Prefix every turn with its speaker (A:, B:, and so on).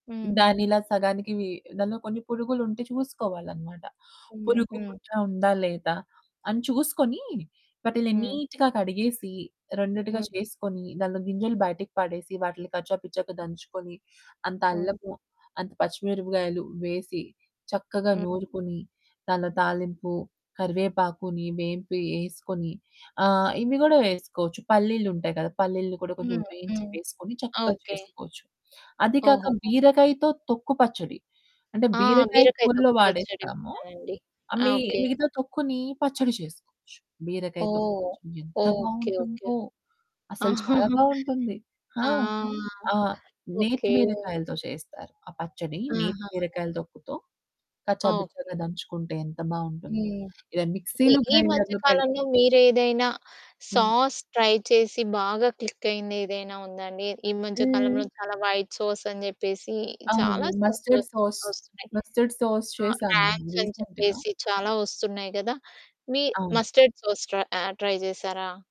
A: హ్మ్.
B: దాన్ని ఇలా సగానికి వి దాంట్లో కొన్ని పురుగులు ఉంటే చూసుకోవాలనమాట,
A: హ్మ్.
B: పురుగు,
A: హ్మ్.
B: పుట్ట ఉందా, లేదా, అని చూసుకొని వాటిలిని
A: హ్మ్.
B: నీట్‌గా కడిగేసి రెండిటిగా
A: హ్మ్.
B: చేసుకొని, దాంట్లో గింజలు బయటికి పడేసి, వాటిని కచ్చా పిచ్చాగా దంచుకొని, అంత
A: హ్మ్.
B: అల్లము, అంత పచ్చిమిరపకాయలు, వేసి చక్కగా
A: హ్మ్.
B: నూరుకొని, దానిలో తాలింపు, కరివేపాకుని వేంపి ఏసుకొని, ఆహ్, ఇవి గూడా వేసుకోవచ్చు పల్లీలుంటాయి కదా! పల్లీలు కూడా కొంచెం
A: హ్మ్.
B: వేయించి,
A: హ్మ్.
B: వేసుకొని చక్కగా
A: ఓకే.
B: చేసుకోవచ్చు. అది కాక,
A: ఓహోహో!
B: బీరకాయతో తొక్కు పచ్చడి. అంటే
A: ఆ!
B: బీరకాయ
A: బీరకాయ
B: కూరలో
A: తొక్కు పచ్చడి.
B: వాడేస్తాము.
A: విన్నానండి.
B: ఆహ్,
A: ఆ!
B: మి
A: ఓకే.
B: మిగతా తొక్కుని, పచ్చడి చేసుకోవచ్చు. బీరకాయ తొక్కు
A: ఓహ్!
B: పచ్చడి, ఎంత
A: ఓకే.
B: బాగుంటుందో అసలు, చాలా
A: ఓకే.
B: బావుంటుంది. ఆ!
A: ఆ!
B: ఆహ్, నేతి
A: ఓకే.
B: బీరకాయలతో చేస్తారు. ఆ పచ్చడి నేతి
A: ఆహా!
B: బీరకాయలు తొక్కుతో కచ్చా బిచ్చాగా
A: ఓకే.
B: దంచుకుంటే, ఎంత బాగుంటుందో.
A: హ్మ్.
B: ఇలా
A: ఈ
B: మిక్సీ‌లు,
A: ఈ మధ్య
B: గ్రైండర్లు పేడి
A: కాలంలో మీరు ఏదైనా
B: హ్మ్.
A: సాస్ ట్రై చేసి బాగా క్లికయింది ఏదైనా ఉందా అండి. ఈ మధ్య
B: హ్మ్.
A: కాలంలో చాలా వైట్ సాస్ అని చెప్పేసి,
B: అవును.
A: చాలా సాస్
B: మస్టర్డ్
A: లోస్
B: సాస్,
A: వొస్తునాయి.
B: మస్టర్డ్ సాస్
A: ఆహ్,
B: చేశాను. నేను
A: రాంక్స్ అని
B: రీసెంట్‌గా.
A: చెప్పేసి చాలా వొస్తున్నాయి కదా! మీ
B: అవును.
A: మస్టర్డ్ సాస్ ట్రై ఆహ్, ట్రై జేశారా?